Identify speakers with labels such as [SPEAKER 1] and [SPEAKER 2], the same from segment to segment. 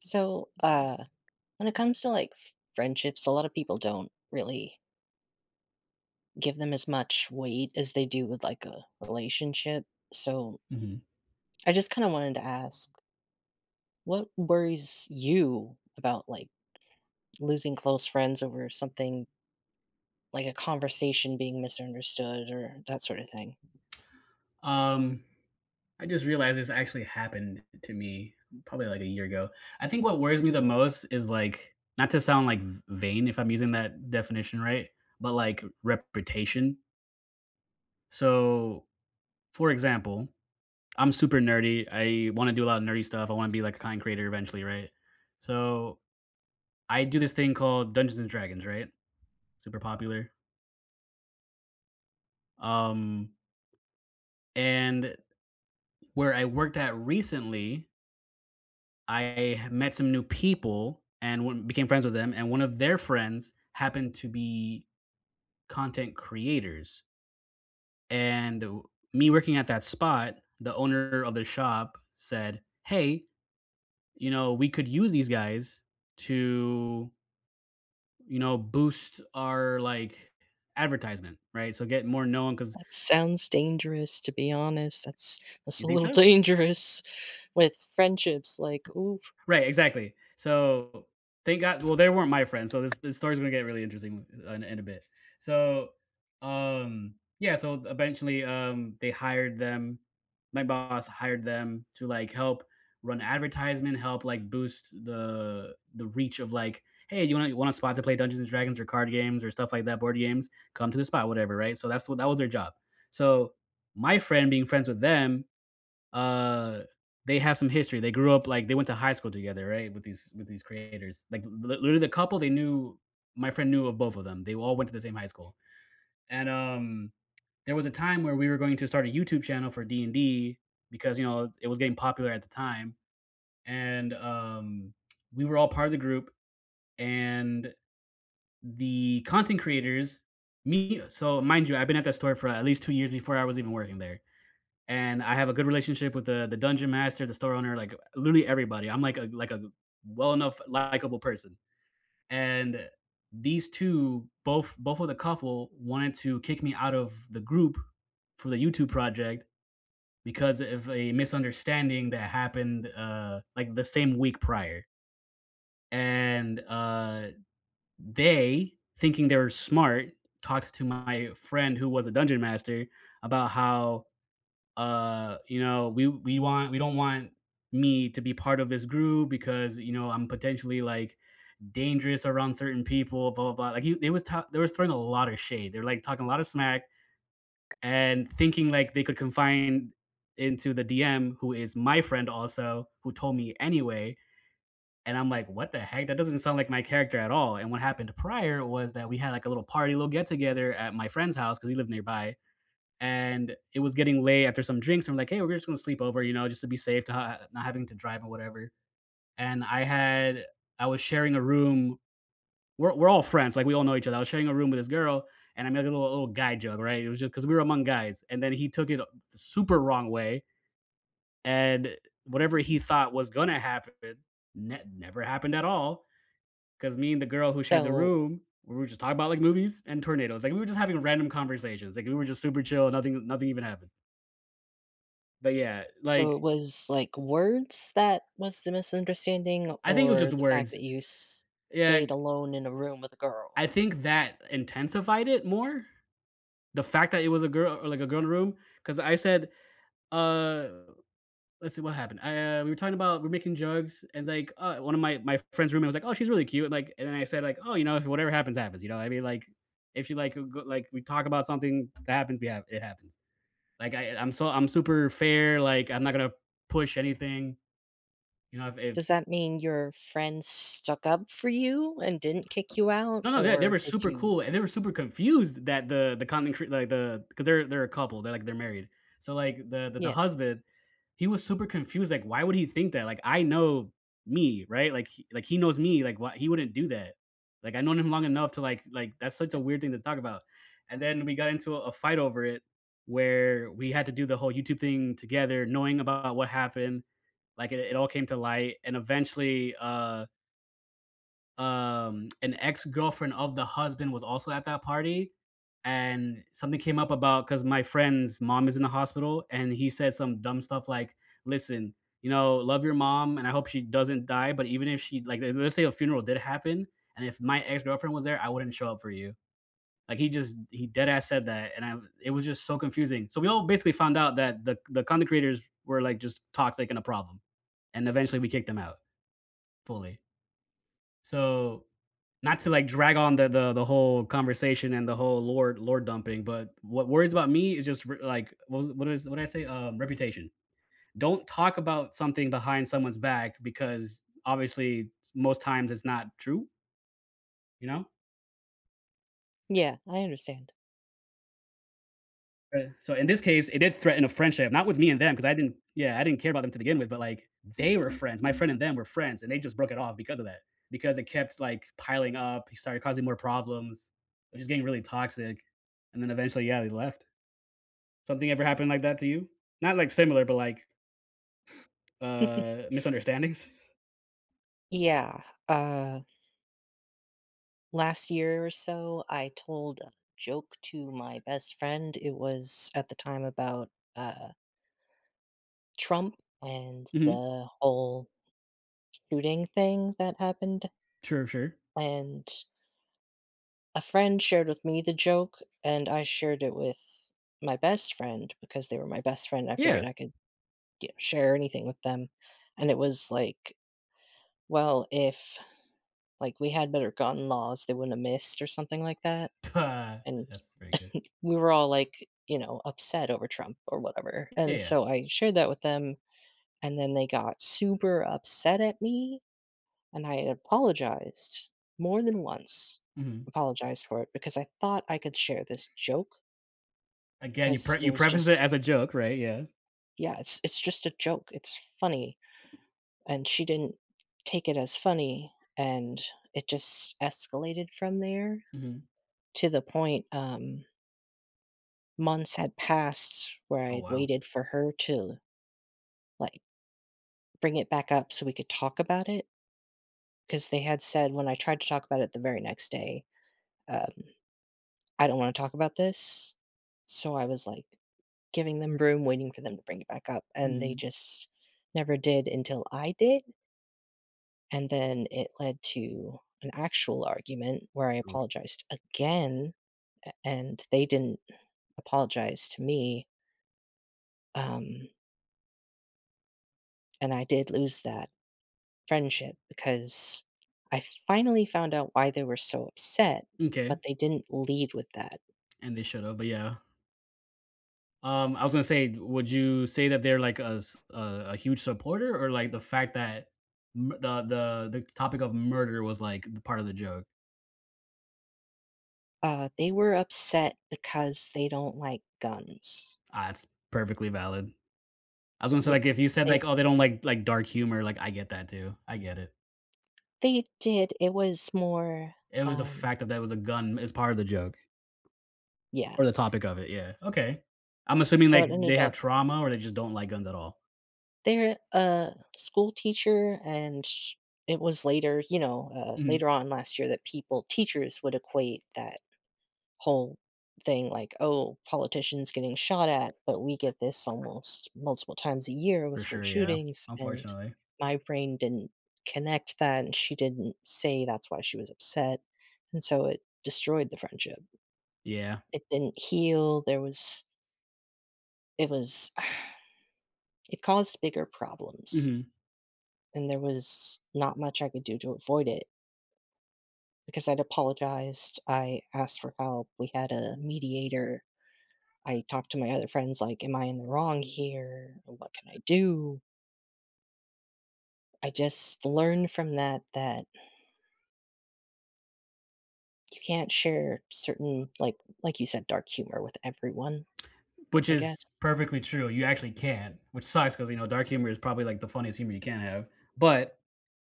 [SPEAKER 1] So, uh, when it comes to, like, f friendships, a lotta people don't really give them as much weight as they do with, like, a relationship. So
[SPEAKER 2] Mhm.
[SPEAKER 1] ...I just kinda wanted to ask what worries you about, like, losing close friends over something like a conversation being misunderstood or that sorta thing?
[SPEAKER 2] Um, I just realized this actually happened to me probably, like, a year ago. I think what worries me the most is, like- not to sound, like, v vain, if I'm using that definition right- but, like r reputation. So, for example, I'm super nerdy, I wanna do a lotta nerdy stuff, I wanna be, like, a content creator eventually, right? So, I do this thing called Dungeons and Dragons, right? Super popular. Um and where I worked at recently I met some new people and one became friends with them, and one of their friends happened to be content creators and wh me working at that spot, the owner of the shop said, "Hey, you know, we could use these guys to" "you know, boost our, like, advertisement," right? So, get more known 'cause"
[SPEAKER 1] That sounds dangerous, to be honest. That's that's
[SPEAKER 2] You
[SPEAKER 1] a
[SPEAKER 2] think
[SPEAKER 1] little
[SPEAKER 2] so?
[SPEAKER 1] dangerous with friendships, like, "oof."
[SPEAKER 2] Right, exactly! So, thank go well, they weren't my friends, so this this story is gonna get really interesting, uh, in a bit. So, um, yeah, so, eventually, um, they hired them my boss hired them to, like, help run advertisement, help, like, boost the the reach of, like, "Hey, you want a you want a spot to play Dungeons& Dragons, or card games, or stuff like that, board games? Come to this spot," whatever, right? So, that's what that was their job. So, my friend being friends with them, uh, they have some history, they grew up, like they went to high school together, right, with these with these creators, like, the l literally, the couple they knew, my friend knew of both of them, they all went to the same high school. And, um, there was a time where we were going to start a YouTube channel for D&D because, you know, it it was getting popular at the time, and, um, we were all part of the group, and the content creators, me so, mind you, I'd been at that store for at least 2 years before I was even working there, and I have a good relationship with the the dungeon master, the store owner, like, uh literally everybody, I'm like a like a well-enough, likable person. And these 2, both both of the couple, wanted to kick me out of the group, for the YouTube project, because, eh, of a misunderstanding that happened, uh, like, the same week prior. And, uh, they, thinking they were smart, talks to my friend who was a Dungeon Master about how, uh, you know, we we want we don't want me to be part of this group because, you know, I'm potentially, like, dangerous around certain people, blah blah blah. Like, you they was ta they was throwing a lotta shade. They're, like, talking a lotta smack and thinking, like, they could confine into the DM, who is my friend also- who told me anyway- and I'm like, "What the heck? That doesn't sound like my character at all," and what happened prior was that we had, like, a little party, little get together at my friend's house- 'cause he lived nearby- and it was getting late after some drinks. I'm like, "Hey. We're just gonna sleep over, you know, just to be safe, to ha ha not having to drive or whatever," and I had I was sharing a room we're we're all friends, like, we all know each other I was sharing a room with this girl, and I made a little a little guy joke, right? It was just 'cause we were among guys, and then he took it a the super wrong way, and eh whatever he thought was gonna happen ne never happened at all, 'cause me and the girl who shared the
[SPEAKER 1] Oh.
[SPEAKER 2] room, we were just talking about, like, movies and tornadoes- like, we were just having a random conversations, like, we were just super chill, nothing nothing even happened. But yeah, like
[SPEAKER 1] So it was, like, words that was the misunderstanding,
[SPEAKER 2] I think it was just
[SPEAKER 1] or
[SPEAKER 2] the
[SPEAKER 1] the fact
[SPEAKER 2] words.
[SPEAKER 1] that you
[SPEAKER 2] Yeah
[SPEAKER 1] stayed alone in a room with a girl?
[SPEAKER 2] I think that intensified it more, the fact that it was a gir or, like, a girl in the room. 'Cause I said, uh let's see what happened? Eh, we were talking about we're making jokes, and, like, uh, one of my my friend's roommate was like, "Oh, she's really cute," like, and then I said, like, "Oh, you know, if whatever happens happens," you know what I mean? Like, if she like, a g like, we talk about something that happens, we have it happens. Like, I I I'm so I'm super fair, like, I'm not gonna push anything. You know, if
[SPEAKER 1] Does
[SPEAKER 2] if
[SPEAKER 1] that mean your friends stuck up for you and didn't kick you out,
[SPEAKER 2] No, no, yeah, they
[SPEAKER 1] or
[SPEAKER 2] were
[SPEAKER 1] did
[SPEAKER 2] super
[SPEAKER 1] you
[SPEAKER 2] cool, and they were super confused that the the content cr like, the the 'cause they're they're a couple, they're, like, they're married- so, like, the the the
[SPEAKER 1] Yeah.
[SPEAKER 2] husband, he was super confused, like, "Why would he think that? Like, I know" me, right? Like, h he knows me. Like, "Why he wouldn't do that. Like, I've known him long enough to, like-" like, that's such a weird thing to talk about, and then we got into a a fight over it, where we had to do the whole YouTube thing together knowing about what happened, like, it it all came to light, and, eventually, uh um, an ex-girlfriend of the husband was also at that party, and something came up about 'cause my friend's mom is in the hospital, and he said some dumb stuff like, "Listen. You know, love your mom, and I hope she doesn't die, but even if she, like le let's say a funeral did happen, and if my ex-girlfriend was there, I wouldn't show up for you." Like, he just he deadass said that, and I it was just so confusing. So we all basically found out that the the content creators were, like, just toxic and a problem, and eventually we kicked them out. Fully. So, not to, like, drag on the the the whole conversation and the whole lore lore-dumping, but what worries about me is just, r like what is wh what is what did I say? Reputation. Don't talk about something behind someone's back because, obviously, s most times, it's not true? You know?
[SPEAKER 1] Yeah, I understand.
[SPEAKER 2] Uh, so, in this case, it did threaten a friendship- not with me and them 'cause I didn't yeah, I didn't care about them to begin with- but, like, they were friends- my friend and them were friends- and they just broke it off because of that because it kept, like, piling up, he started causing more problems, just getting really toxic, and then eventually, yeah, they left. Something ever happened like that to you? Not, like, similar, but, like, uh, misunderstandings?
[SPEAKER 1] Yeah, uh last year or so, I told a joke to my best friend- it was at the time about, uh Trump and
[SPEAKER 2] Mhm.
[SPEAKER 1] the whole shooting thing that happened-
[SPEAKER 2] Sure, sure.
[SPEAKER 1] and a friend shared with me the joke, and I shared it with my best friend- because they were my best friend I figured
[SPEAKER 2] Yeah.
[SPEAKER 1] I could ge share anything with them- and it was like, "Well, if, like, we had better gun laws, they wouldn't have missed," or something like that, and
[SPEAKER 2] That's pretty good.
[SPEAKER 1] we were all, like, you know, upset over Trump or whatever, and
[SPEAKER 2] Yeah.
[SPEAKER 1] so I shared that with them, and then they got super upset at me, and I had apologized more than once,
[SPEAKER 2] Mhm.
[SPEAKER 1] apologized for it because I thought I could share this joke
[SPEAKER 2] Again, you
[SPEAKER 1] because
[SPEAKER 2] pre
[SPEAKER 1] it
[SPEAKER 2] you
[SPEAKER 1] was
[SPEAKER 2] preface it
[SPEAKER 1] just
[SPEAKER 2] as a joke, right? Yeah.
[SPEAKER 1] Yeah, it's it's just a joke; it's funny, and she didn't take it as funny and, it just escalated from there
[SPEAKER 2] Mhm.
[SPEAKER 1] to the point, um months had passed where
[SPEAKER 2] Oh,
[SPEAKER 1] I'd
[SPEAKER 2] wow.
[SPEAKER 1] waited for her to l like, bring it back up so we could talk about it 'cause they had said- when I tried to talk about it the very next day- um, “I don't wanna talk about this,” so I was, like, giving them room, waiting for them to bring it back up, and they
[SPEAKER 2] Mhm.
[SPEAKER 1] just never did until I did. And then it led to an actual argument where I
[SPEAKER 2] Oof.
[SPEAKER 1] apologized again, a and they didn't apologize to me. Um and I did lose that friendship because I finally found out why they were so upset,
[SPEAKER 2] M'kay.
[SPEAKER 1] but they didn't lead with that.
[SPEAKER 2] And they should've, but yeah. Um, I was gonna say, would you say that they're like a s a a huge supporter, or, like, the fact m the the the topic of murder was, like, part of the joke?
[SPEAKER 1] Uh, they were upset because they don't like guns.
[SPEAKER 2] Ah, that's perfectly valid. I was gonna say,
[SPEAKER 1] Yeah,
[SPEAKER 2] like, if you said,
[SPEAKER 1] they
[SPEAKER 2] like, "Oh, they don't like like dark humor," like, I get that too, I get it.
[SPEAKER 1] They did, it was more,
[SPEAKER 2] It was the
[SPEAKER 1] um
[SPEAKER 2] fact that there was a gun as part of the joke,
[SPEAKER 1] Yeah.
[SPEAKER 2] or the topic of it, yeah, okay. I'm assuming,
[SPEAKER 1] So
[SPEAKER 2] like,
[SPEAKER 1] it ended
[SPEAKER 2] they have
[SPEAKER 1] up
[SPEAKER 2] trauma or they just don't like guns at all.
[SPEAKER 1] They're a school teacher, and it was later, you know uh,
[SPEAKER 2] Mhm.
[SPEAKER 1] later on last year that people teachers would equate that whole thing like, "Oh, politicians getting shot at, but we get this almost multiple times a year with
[SPEAKER 2] For
[SPEAKER 1] school
[SPEAKER 2] sure, yeah,
[SPEAKER 1] shootings," and
[SPEAKER 2] unfortunately.
[SPEAKER 1] my brain didn't connect that, and she didn't say that's why she was upset, and so it destroyed the friendship.
[SPEAKER 2] Yeah.
[SPEAKER 1] It didn't heal, there was it was it caused bigger problems.
[SPEAKER 2] Mhm.
[SPEAKER 1] And there was not much I could do to avoid it. Because I'd apologized, I asked for help, we had a mediator. I talked to my other friends like, "Am I in the wrong here? What can I do?" I just learned from that that you can't share certain, like like you said, dark humor with everyone,
[SPEAKER 2] Which
[SPEAKER 1] I guess.
[SPEAKER 2] is perfectly true, you actually can't- which sucks 'cause, you know, dark humor is probably, like, the funniest humor you can have. But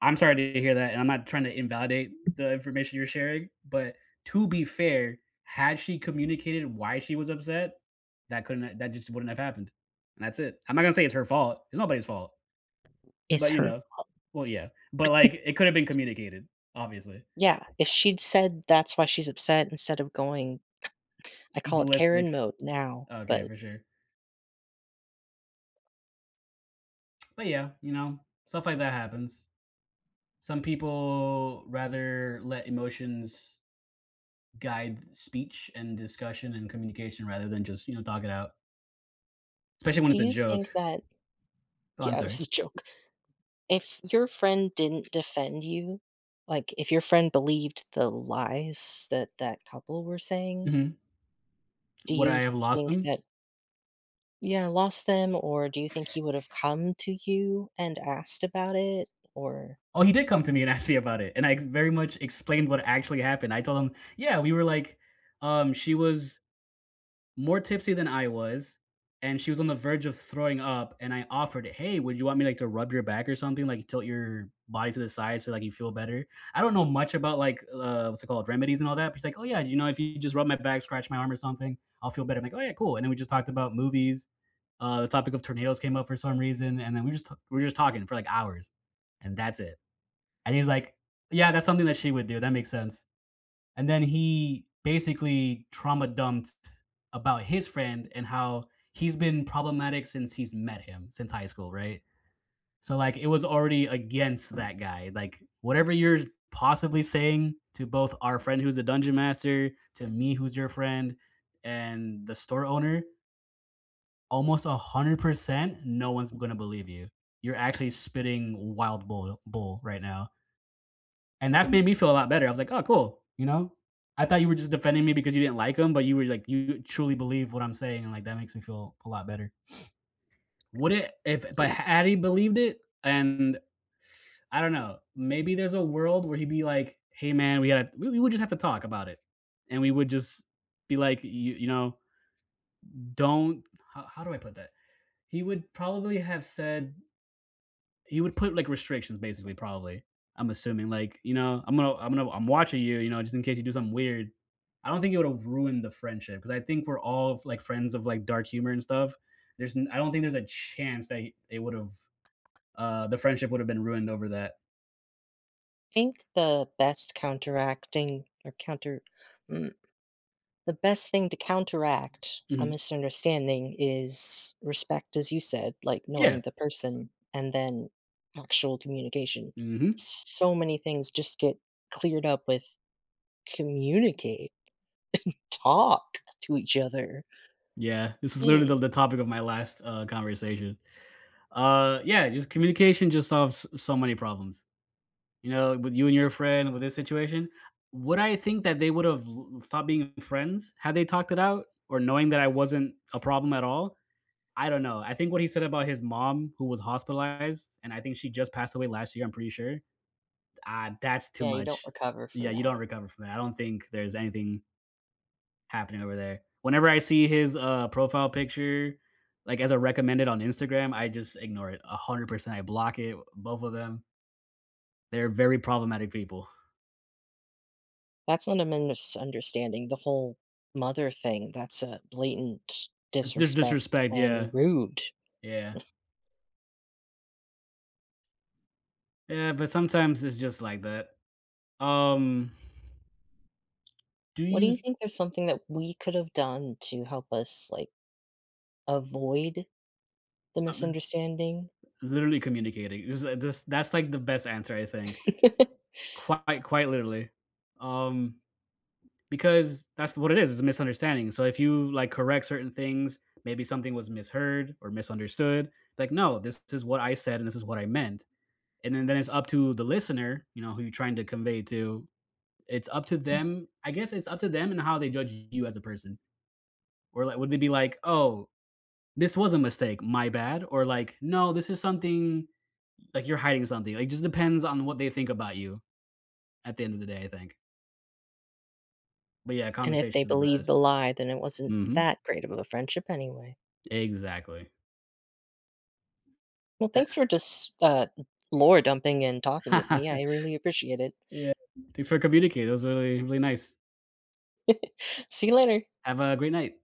[SPEAKER 2] I'm sorry to hear that, and I'm not trying to invalidate the information you're sharing, but to be fair, had she communicated why she was upset, that couldn't, uh that just wouldn't have happened, and that's it. I'm not gonna say it's her fault, it's nobody's fault,
[SPEAKER 1] It's
[SPEAKER 2] but, you
[SPEAKER 1] her
[SPEAKER 2] know
[SPEAKER 1] fault.
[SPEAKER 2] Well, yeah, but, like, it coulda been communicated obviously.
[SPEAKER 1] Yeah, if she'd said that's why she's upset instead of going I call it
[SPEAKER 2] "Ballistic."
[SPEAKER 1] "Karen mode" now,
[SPEAKER 2] Okay,
[SPEAKER 1] but
[SPEAKER 2] for sure. But, yeah, you know, stuff like that happens. Some people rather let emotions guide speech, and discussion, and communication rather than just, you know, talk it out especially when
[SPEAKER 1] Do
[SPEAKER 2] it's a
[SPEAKER 1] you
[SPEAKER 2] joke.
[SPEAKER 1] think that
[SPEAKER 2] Go on,
[SPEAKER 1] Yeah, it was
[SPEAKER 2] sorry.
[SPEAKER 1] a joke. If your friend didn't defend you like, if your friend believed the lies that that couple were saying
[SPEAKER 2] Mhm.
[SPEAKER 1] do
[SPEAKER 2] Would I
[SPEAKER 1] you
[SPEAKER 2] have lost
[SPEAKER 1] think
[SPEAKER 2] them?
[SPEAKER 1] that Yeah, lost them, or do you think he would have come to you and asked about it? Or
[SPEAKER 2] Oh, he did come to me and asked me about it, and I very much explained what actually happened. I told him, "Yeah, we were like um, she was more tipsy than I was, and she was on the verge of throwing up, and I offered, 'Hey, would you want me, like, to rub your back or something? Like, tilt your body to the side so, like, you feel better?'" I don't know much about, like, uh, what's it called, remedies and all that. But she's like, "Oh, yeah, you know, if you just rub my back, scratch my arm or something, I'll feel better." I'm like, "Oh, yeah. Cool," and then we just talked about movies, uh, the topic of tornadoes came up for some reason, and then we just t we're just talking for, like, hours, and that's it. And he was like, "Yeah, that's something that she would do. That makes sense." And then he basically trauma-dumped about his friend and how he's been problematic since he's met him, since high school, right? So, like, it was already against that guy, like, "Whatever you're possibly saying to both our friend who's a dungeon master, to me who's your friend, and the store owner" "almost 100%, no one's gonna believe you. You're actually spitting wild boil bull right now." And that made me feel a lot better, I was like, "Oh, cool. You know? I thought you were just defending me because you didn't like him, but you were like you truly believe what I'm saying, and, like, that makes me feel a lot better." Would it if
[SPEAKER 1] So,
[SPEAKER 2] but
[SPEAKER 1] you'd
[SPEAKER 2] had he believed it, and I don't know, maybe there's a world where he'd be like, "Hey, man, we gotta we we we just have to talk about it," and we would just be like, "You you know, don't" how how do I put that? He would probably have said he would put, like, restrictions, basically, probably, I'm assuming, l ike, you know, "I'm gonna I'm gonna I'm watching you, you know, just in case you do something weird." I don't think it would have ruined the friendship because I think we're all, f like, friends of, like, dark humor and stuff. There's n I don't think there's a chance that he it would have uh, the friendship would have been ruined over that.
[SPEAKER 1] Think the best counteracting, or counter mm, the best thing to counteract a
[SPEAKER 2] Mhm.
[SPEAKER 1] misunderstanding is respect, as you said- like,
[SPEAKER 2] Yeah.
[SPEAKER 1] knowing the person and then actual communication.
[SPEAKER 2] Mhm.
[SPEAKER 1] S so many things just get cleared up with communicate and talk to each other.
[SPEAKER 2] Yeah. This is literally the
[SPEAKER 1] Mm.
[SPEAKER 2] the topic of my last, uh, conversation. Uh, yeah, just communication just solves s so many problems. You know, with you and your friend, with this situation, would I think that they would've l l stopped being friends had they talked it out, or knowing that I wasn't a problem at all? I don't know, I think what he said about his mom, who was hospitalized, and I think she just passed away last year, I'm pretty sure, ah, that's too
[SPEAKER 1] Yeah, you don't
[SPEAKER 2] much.
[SPEAKER 1] recover
[SPEAKER 2] Yeah,
[SPEAKER 1] from
[SPEAKER 2] you
[SPEAKER 1] that.
[SPEAKER 2] don't recover from that. I don't think there's anything happening over there. Whenever I see his, uh, profile picture, like, as a recommended on Instagram, I just ignore it, 100%. I block it, uh, both of them. They're very problematic people.
[SPEAKER 1] That's not a misunderstanding, the whole mother thing, that's a blatant
[SPEAKER 2] If there's
[SPEAKER 1] disrespect
[SPEAKER 2] disrespect, yeah.
[SPEAKER 1] and rude.
[SPEAKER 2] Yeah. Yeah, but sometimes it's just like that. Um Do
[SPEAKER 1] What do you
[SPEAKER 2] you
[SPEAKER 1] think there's something that we could've done to help us, like, avoid the
[SPEAKER 2] Uh, m
[SPEAKER 1] misunderstanding?
[SPEAKER 2] Literally communicating, this, uh this that's, like, the best answer, I think. Quite quite literally. Um, because that's what it is, it's a misunderstanding, so if you, like, correct certain things, maybe something was misheard or misunderstood, like, "No, this is what I said, and this is what I meant," and then then it's up to the listener, you know, who you're trying to convey to. It's up to them I guess it's up to them and how they judge you as a person. Or, li would they be like, "Oh, this was a mistake, my bad," or, like, "No, this is something like, you're hiding something," like, just depends on what they think about you, at the end of the day, I think. But, yeah,
[SPEAKER 1] And if
[SPEAKER 2] conversation
[SPEAKER 1] they
[SPEAKER 2] is the
[SPEAKER 1] believed
[SPEAKER 2] best.
[SPEAKER 1] the lie, then it wasn't
[SPEAKER 2] Mhm.
[SPEAKER 1] that great of a th friendship anyway.
[SPEAKER 2] Exactly.
[SPEAKER 1] Well,
[SPEAKER 2] Tha
[SPEAKER 1] thanks for just, uh, n lore dumping and talking with me, I really appreciate it.
[SPEAKER 2] Yeah, thanks for communicating, that was really, really nice.
[SPEAKER 1] See you later.
[SPEAKER 2] Have a great night.